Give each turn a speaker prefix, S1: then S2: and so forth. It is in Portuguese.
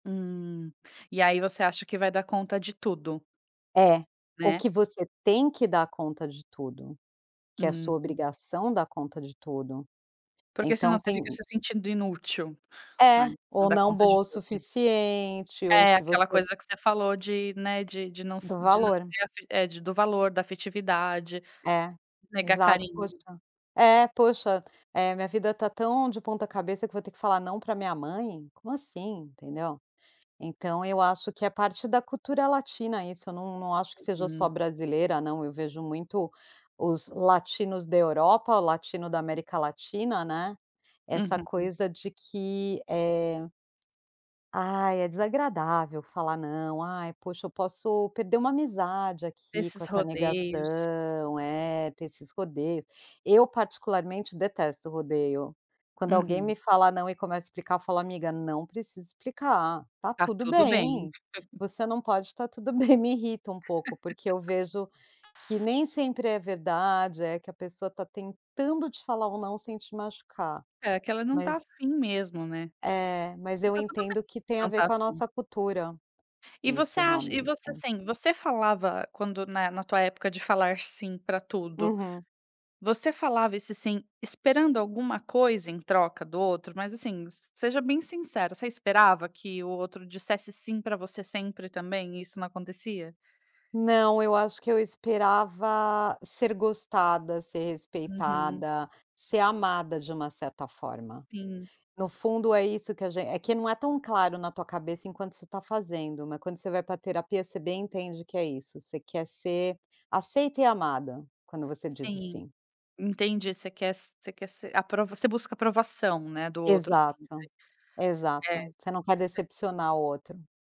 S1: Hum. E aí você acha que vai dar conta de tudo.
S2: É. O
S1: Né?
S2: que você tem que dar conta de tudo, que é sua
S1: Hum.
S2: obrigação dar conta de tudo.
S1: Porque senão
S2: Então
S1: você fica
S2: tem
S1: se sentindo inútil, né,
S2: É.
S1: não
S2: Ou
S1: dá
S2: não
S1: conta de
S2: boa o
S1: tudo.
S2: suficiente ou
S1: É,
S2: que
S1: aquela
S2: você
S1: coisa que você falou de, né, de de não s
S2: Do
S1: de não
S2: valor.
S1: ter afe é, de do valor, da afetividade,
S2: É,
S1: negar
S2: exato. Poxa
S1: carinho.
S2: É, poxa, eh: "A minha vida está tão de ponta-cabeça que eu vou ter que falar "não" pra minha mãe? Como assim?", entendeu? Então eu acho que é parte da cultura latina isso. Eu não não acho que seja só
S1: Hum.
S2: brasileira, não. Eu vejo muito os latinos da Europa, o latino da América Latina, né, essa
S1: Uhum.
S2: coisa de que, eh "ai, é desagradável falar 'não'. Ai, poxa, eu posso perder uma amizade aqui com
S1: Esses
S2: essa
S1: rodeios.
S2: negação", é, ter esses rodeios. Eu particularmente detesto rodeio. Quando alguém me
S1: Uhum.
S2: fala "não" e começa a explicar, eu falo: "Amiga, não precisa explicar, está
S1: Está
S2: tudo
S1: tudo bem.
S2: bem. Você não pode, está tudo bem". Me irrita um pouco, porque eu vejo que nem sempre é verdade, é que a pessoa está tentando te falar um "não" sem te machucar.
S1: É que ela não está
S2: Mas
S1: afim mesmo, né.
S2: É, mas
S1: E
S2: eu
S1: está tudo bem,
S2: entendo que tem a
S1: não
S2: ver
S1: está
S2: com a
S1: afim.
S2: nossa cultura
S1: E você
S2: isso,
S1: acha e
S2: realmente.
S1: você, assim, você falava quando, né, na tua época de falar "sim" pra tudo,
S2: Uhum.
S1: você falava esse "sim" esperando alguma coisa em troca do outro? Mas assim, seja bem sincera, você esperava que o outro dissesse "sim" pra você sempre também, e isso não acontecia?
S2: Não, eu acho que eu esperava ser gostada, ser
S1: Uhum.
S2: respeitada, ser amada de uma certa forma.
S1: Sim.
S2: No fundo é isso que agen é que não é tão claro na tua cabeça enquanto você está fazendo, mas quando você vai para a terapia você bem entende que é isso, você quer ser aceita e amada, quando você diz o
S1: Sim,
S2: "sim".
S1: entendi. Você quer s você quer ser aprov você busca aprovação, né, do outro.
S2: Exato,
S1: [unintelligible] É,
S2: exato. Você não quer
S1: você
S2: decepcionar o outro.